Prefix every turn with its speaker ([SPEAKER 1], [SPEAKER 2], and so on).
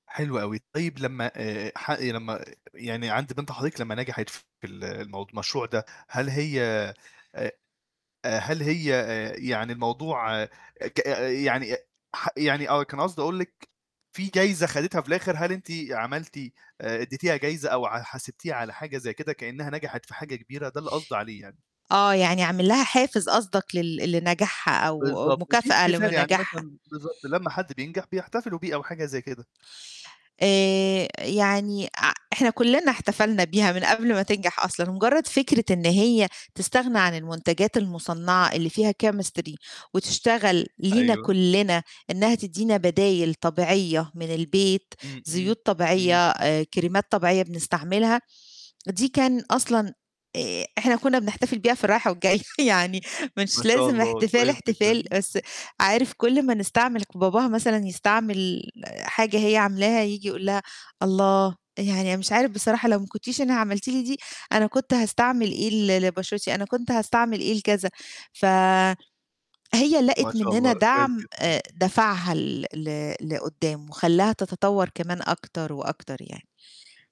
[SPEAKER 1] حلو أوي طيب لمّا آآ ح لمّا يعني عند بنت حضرتِك لمّا نجحِت في ال الموض المشروع ده، هل هي أ هل هي آآ يعني الموضوع ك يعني ح يعني آه كان قصدي أقول لِك في جايزة خدِتها في الآخر؟ هل أنتِ عملتِ آآ اديتيها جايزة أو ع حاسِبتيها على حاجة زي كده كأنها نجحِت في حاجة كبيرة؟ ده اللي قصدي عليه يعني.
[SPEAKER 2] آه يعني أعمل لها حافز قصدك لل لنجاحها أو
[SPEAKER 1] بالضبط، في
[SPEAKER 2] مكافأة لم
[SPEAKER 1] احتفال يعني
[SPEAKER 2] نجاحها.
[SPEAKER 1] مثلًا بالضبط، لمّا حد بينجح بيحتفلوا بيه أو حاجة زي كده.
[SPEAKER 2] آآ يعني ع إحنا كُلّنا احتفلنا بيها من قبل ما تنجح أصلًا، مجرد فكرة إن هي تستغنى عن المنتجات المصنعة اللي فيها chemistry وتشتغل لينا
[SPEAKER 1] أيوه.
[SPEAKER 2] كُلّنا إنها تدّينا بدايل طبيعية من البيت،
[SPEAKER 1] إمم، إمم،
[SPEAKER 2] زيوت
[SPEAKER 1] امم.
[SPEAKER 2] طبيعية، آآ كريمات طبيعية بنستعملها، دي كان أصلًا آآ إحنا كنّا بنحتفل بيها في الرايحة والجاية يعني
[SPEAKER 1] ما
[SPEAKER 2] مش
[SPEAKER 1] شاء
[SPEAKER 2] لازم
[SPEAKER 1] الله،
[SPEAKER 2] احتفال
[SPEAKER 1] كويس
[SPEAKER 2] احتفال،
[SPEAKER 1] جدًا.
[SPEAKER 2] بس عارف كُل ما نستعمل باباها مثلًا يستعمل حاجة هي عاملاها ييجي يقول لها: "الله! يعني أنا مش عارف بصراحة لو ما كنتيش أنا عملتِ لي دي أنا كنت هاستعمل إيه ل لبشرتي، أنا كنت هاستعمل إيه لكذا." ف هي
[SPEAKER 1] ما
[SPEAKER 2] لقِت
[SPEAKER 1] شاء
[SPEAKER 2] مننا
[SPEAKER 1] الله، كويس
[SPEAKER 2] دعم
[SPEAKER 1] جدًا.
[SPEAKER 2] آآ دَفَعها ل ل لقدّام، وخلّاها تتطور كمان أكتر وأكتر يعني.